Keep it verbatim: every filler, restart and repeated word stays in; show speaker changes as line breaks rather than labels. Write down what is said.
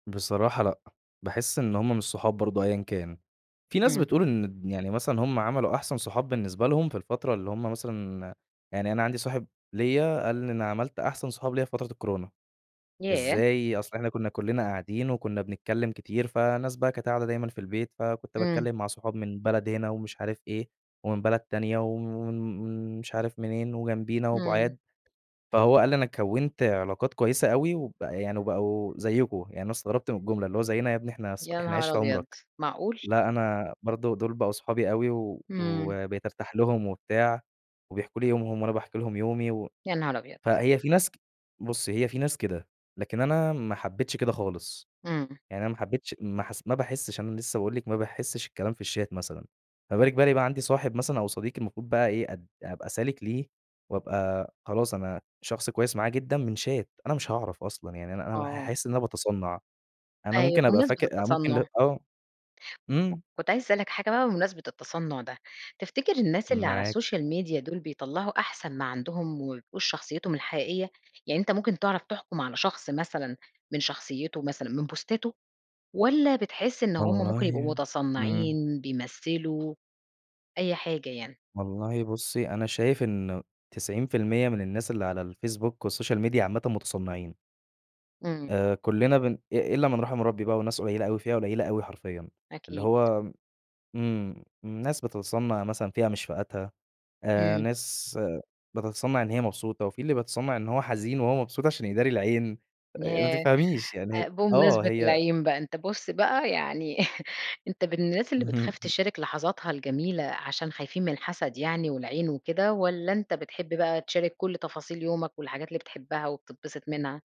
بصراحة لأ باحس إن هم مش صحاب برضو أيًا كان. في ناس
إمم.
بتقول إن يعني مثلًا هم عملوا أحسن صحاب بالنسبة لهم في الفترة اللي هم مثلًا، يعني أنا عندي صاحب ليَّ قال لي أنا عملت أحسن صحاب ليَّ في فترة الكورونا.
ياه!
إزاي؟ أصل إحنا كنّا كلنا قاعدين وكنّا بنتكلّم كتير، فناس بقى قاعدة دايمًا في البيت، فكنت
إمم.
باتكلّم مع صحاب من بلد هنا ومش عارف إيه ومن بلد تانية وم ومش عارف منين وجنبينا
إمم.
وبُعاد. فهو قال لي أنا كَوّنت علاقات كويّسة أوي وب يعني وبقوا زيكم، يعني استغربت من الجملة اللي هو زيينا يا ابني إحنا
يا
إحنا
نهار
عِشرة
أبيض!
عمرك؟
معقول؟
لأ أنا برضو دول بقوا صحابي أوي و
إمم.
وبقيت ارتاح لهم وبتاع وبيحكوا لي يومهم وأنا باحكي لهم يومي. و
يا نهار أبيض!
فهي في ناس بُصّي هي في ناس كده، لكن أنا ما حبيتش كده خالص،
إمم.
يعني أنا ما حبيتش ما حس ما باحسش أنا لسّه باقول لِك، ما باحسش الكلام في الشات مثلًا. ما بالِك بقى إن يبقى عندي صاحب مثلًا أو صديق المفروض بقى إيه أد أبقى سالك ليه وأبقى خلاص أنا شخص كويّس معاه جدًا من شات أنا مش هاعرف أصلًا، يعني أنا أنا
آه.
حاحس إن أنا باتصنع. أنا
أيوه
ممكن أبقى
وبمناسبة
فاكر ممكن
التصنع
آه امم.
كنت عايزة أسألك حاجة بقى بمناسبة التصنع ده. تفتكر الناس اللي على
معاكِ.
الsocial media دول بيطلعوا أحسن ما عندهم وما بيبقوش شخصيتهم الحقيقيّة؟ يعني أنت ممكن تعرف تحكم على شخص مثلًا من شخصيته مثلًا من بوستاته والّا بتحس إن هم ممكن يبقوا
والله إمم.
متصنعين بيمثلوا؟ أي حاجة يعني.
والله بصي، أنا شايف إنه تسعين فى المِيّة من الناس اللي على الFacebook والsocial media عامةً متصنعين.
إمم.
آآ كلنا بن إ إلا من رحم ربي بقى وناس قليلة أوي فئة قليلة أوي حرفيًا. اللي
أكيد.
هو إمم ناس بتتصنع مثلًا فئة مش فئتها، آآ
امم
ناس بتتصنع إن هي مبسوطة وفي اللي بيتصنع إن هو حزين وهو مبسوط عشان يداري العين، آآ ما
ياه!
تفهميش،
آآ
يعني آه
بمناسبة
هي
العين بقى أنت بُص بقى، يعني، أنت من الناس اللي بتخاف تشارك لحظاتها الجميلة عشان خايفين من الحسد يعني والعين وكده، والّا أنت بتحب بقى تشارك كل تفاصيل يومك والحاجات اللي بتحبها وبتتبسط منها؟